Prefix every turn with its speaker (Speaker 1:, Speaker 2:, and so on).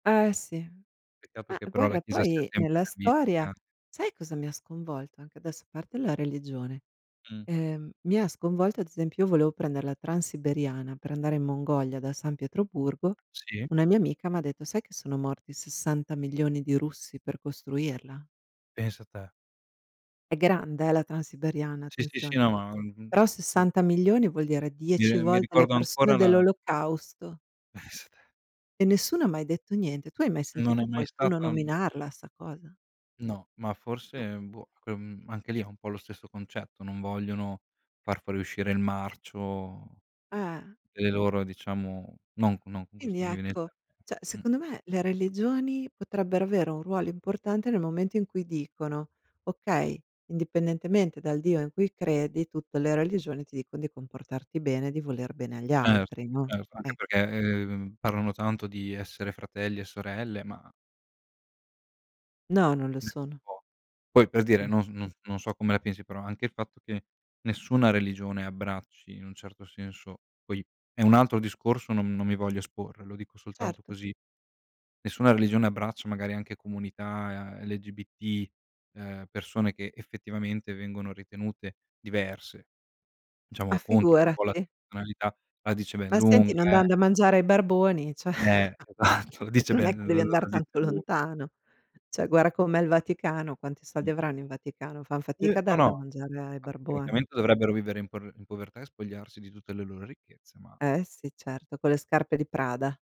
Speaker 1: Eh sì.
Speaker 2: Peccato
Speaker 1: Ma
Speaker 2: che però la
Speaker 1: guarda
Speaker 2: chiesa sia
Speaker 1: poi
Speaker 2: sempre.
Speaker 1: nella storia
Speaker 2: [unintelligible]
Speaker 1: sai cosa mi ha sconvolto anche adesso a parte la religione,
Speaker 2: Mh.
Speaker 1: ehm, mi ha sconvolto ad esempio io volevo prendere la transiberiana per andare in Mongolia da San Pietroburgo.
Speaker 2: Sì.
Speaker 1: Una mia amica m'ha detto: "Sai che sono morti 60 milioni di russi per costruirla?"
Speaker 2: Pensa te.
Speaker 1: È grande eh, la transiberiana
Speaker 2: Sì, sì, sì,
Speaker 1: attenzione,
Speaker 2: no ma uhm
Speaker 1: però
Speaker 2: p
Speaker 1: 60 milioni vuol dire
Speaker 2: Mi
Speaker 1: 10
Speaker 2: r mi
Speaker 1: volte le
Speaker 2: ricordo
Speaker 1: persone
Speaker 2: ancora la
Speaker 1: dell'olocausto.
Speaker 2: Esa
Speaker 1: E nessuno ha mai detto niente. Tu hai mai
Speaker 2: Non è
Speaker 1: sentito
Speaker 2: mai
Speaker 1: qualcuno
Speaker 2: stato
Speaker 1: nominarla sta cosa?
Speaker 2: No, ma forse,
Speaker 1: Eh.
Speaker 2: ehm, boh cre mhmm, anche lì è un po' lo stesso concetto, non vogliono far fuoriuscire il marcio
Speaker 1: Eh.
Speaker 2: delle loro diciamo non non con
Speaker 1: Quindi
Speaker 2: queste, non mi vien il
Speaker 1: ecco,
Speaker 2: te
Speaker 1: cioè
Speaker 2: mh.
Speaker 1: secondo me le religioni potrebbero avere un ruolo importante nel momento in cui dicono: "Okay, indipendentemente dal Dio in cui credi, tutte le religioni ti dicon di comportarti bene e di voler bene agli
Speaker 2: Cert
Speaker 1: altri," no,
Speaker 2: certo anche
Speaker 1: ecco.
Speaker 2: perché, ehm, parlano tanto di essere fratelli e sorelle, ma
Speaker 1: No, non lo
Speaker 2: [unintelligible]
Speaker 1: sono.
Speaker 2: Poi per dire, non s no non so come la pensi, però anche il fatto che nessuna religione abbracci in un certo senso poi è un altro discorso, non non mi voglio esporre, lo dico soltanto
Speaker 1: Certo.
Speaker 2: così. Nessuna religione abbraccia magari anche comunità LGBT, ehm, persone che effettivamente vengono ritenute diverse,
Speaker 1: Ma
Speaker 2: diciamo contro un po' la
Speaker 1: figurati.
Speaker 2: tonalità, la dice ben
Speaker 1: Ma senti,
Speaker 2: lunga
Speaker 1: non dan
Speaker 2: eh.
Speaker 1: da mangiare ai barboni, cioè
Speaker 2: Eh esatto, la dice
Speaker 1: non è
Speaker 2: bene,
Speaker 1: che
Speaker 2: l
Speaker 1: devi andar
Speaker 2: la dice
Speaker 1: tanto
Speaker 2: lu
Speaker 1: lontano. Cioè guarda com'è il Vaticano, quanti soldi
Speaker 2: Mh.
Speaker 1: avranno in Vaticano, fan
Speaker 2: Uh
Speaker 1: fatica a
Speaker 2: no
Speaker 1: dar
Speaker 2: no,
Speaker 1: da
Speaker 2: a
Speaker 1: mangiare ai barboni.
Speaker 2: praticamente dovrebbero vivere in por povertà e spogliarsi di tutte le loro ricchezze, ma
Speaker 1: Eh sì certo, con le scarpe di Prada.